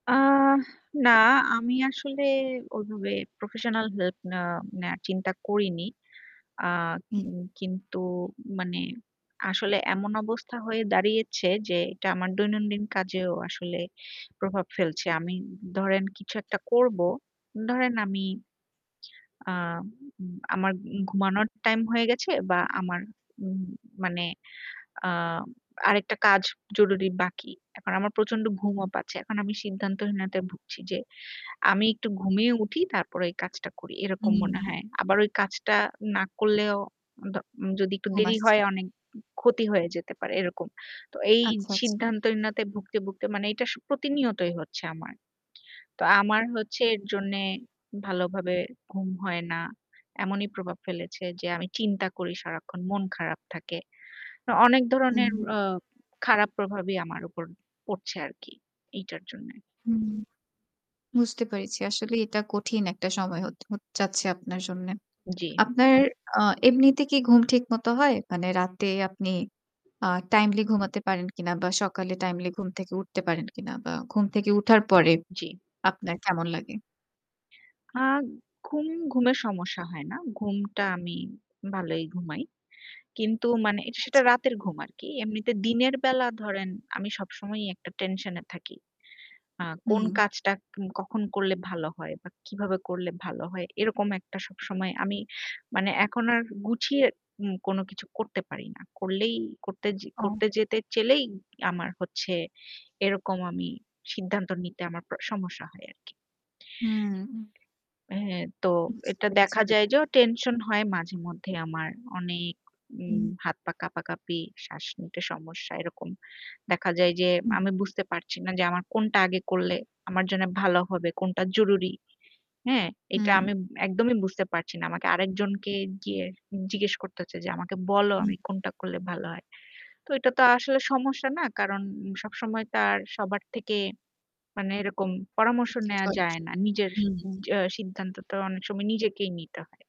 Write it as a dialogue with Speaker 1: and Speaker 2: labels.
Speaker 1: আহ না আমি আসলে ওইভাবে প্রফেশনাল হেল্প নেওয়া নেওয়ার চিন্তা করিনি। আ কিন
Speaker 2: উম
Speaker 1: কিন্তু মানে আসলে এমন অবস্থা হয়ে দাঁড়িয়েছে যে এটা আমার দৈনন্দিন কাজেও আসলে প্রভাব ফেলছে। আমি ধরেন কিছু একটা করব, ধরেন আমি আ উম আমার ঘুমানোর টাইম হয়ে গেছে বা আমার উম মানে আ আরেকটা কাজ জরুরি বাকি। এখন আমার প্রচন্ড ঘুমও পাচ্ছে। এখন আমি সিদ্ধান্তহীনতায় ভুগছি যে আমি একটু ঘুমিয়ে উঠি তারপর এই কাজটা করি। এরকম মনে
Speaker 2: উম
Speaker 1: হয়। আবার ওই কাজটা না করলেও দ যদি একটু
Speaker 2: ঘুম
Speaker 1: দেরি
Speaker 2: আসছে।
Speaker 1: হয় অনেক ক্ষতি হয়ে যেতে পারে এরকম। তো এই
Speaker 2: আচ্ছা, আচ্ছা।
Speaker 1: সিদ্ধান্তহীনতায় ভুগতে, ভুগতে, মানে এইটা স প্রতিনিয়তই হচ্ছে আমার। তো আমার হচ্ছে এর জন্যে ভালো ভাবে ঘুম হয় না। এমনই প্রভাব ফেলেছে যে আমি চিন্তা করি সারাক্ষণ মন খারাপ থাকে। তো অনেক ধরনের
Speaker 2: হুম।
Speaker 1: আ খারাপ প্রভাবই আমার উপর পড়ছে আরকি। এইটার জন্যে।
Speaker 2: হুম বুঝতে পেরেছি। আসলে এইটা কঠিন একটা সময় হত হত যাচ্ছে আপনার জন্যে।
Speaker 1: জ্বি।
Speaker 2: আপনার আ এমনিতে কি ঘুম ঠিক মত হয়? মানে রাতে আপনি আ টাইমলি ঘুমাতে পারেন কিনা বা সকালে টাইমলি ঘুম থেকে উঠতে পারেন কিনা বা ঘুম থেকে উঠার পরে
Speaker 1: জ্বী।
Speaker 2: আপনার কেমন লাগে?
Speaker 1: আ ঘুম, ঘুমের সমস্যা হয় না। ঘুমটা আমি ভালোই ঘুমাই। কিন্তু মানে সেটা
Speaker 2: আচ্ছা।
Speaker 1: রাতের ঘুম আরকি। এমনিতে দিনের বেলা ধরেন আমি সবসময়ই একটা টেনশন এ থাকি। আ কোন
Speaker 2: হুম।
Speaker 1: কাজটা উম কখন করলে ভালো হয় বা কিভাবে করলে ভালো হয়। এরকম একটা সবসময় আমি মানে এখন আর গুছিয়ে উম কোন কিছু করতে পারি না। করলেই করতে যে
Speaker 2: ও।
Speaker 1: করতে যেতে চাইলেই আমার হচ্ছে এরকম আমি সিদ্ধান্ত নিতে আমার প সমস্যা হয় আরকি।
Speaker 2: উম
Speaker 1: অ্যা হ্যা তো
Speaker 2: বুঝতে
Speaker 1: এটা
Speaker 2: পেরেছি
Speaker 1: দেখা যায়
Speaker 2: ব্যাপারটা।
Speaker 1: যে ও টেনশন হয় মাঝে মধ্যে আমার অনেক উম
Speaker 2: হুম।
Speaker 1: হাত, পা কাঁপাকাঁপি শ্বাস নিতে সমস্যা এরকম দেখা যায় যে,
Speaker 2: হু।
Speaker 1: আমি বুঝতে পারছি না যে আমার কোনটা আগে করলে আমার জন্য ভালো হবে, কোনটা জরুরি। হ্যাঁ, এটা
Speaker 2: হুম।
Speaker 1: আমি একদমই বুঝতে পারছি না। আমাকে আরেকজনকে গিয়ে জিজ্ঞেস করতে হচ্ছে যে, "আমাকে বলো
Speaker 2: হু।
Speaker 1: আমি কোনটা করলে ভালো হয়?" তো এটা তো আসলে সমস্যা না। কারণ সবসময় তার সবার থেকে মানে এরকম পরামর্শ নেয়া যায়
Speaker 2: [unintelligible]
Speaker 1: না। নিজের
Speaker 2: হুম।
Speaker 1: উম জ্যা সিদ্ধান্ত তো অনেক সময় নিজেকেই নিতে হয়।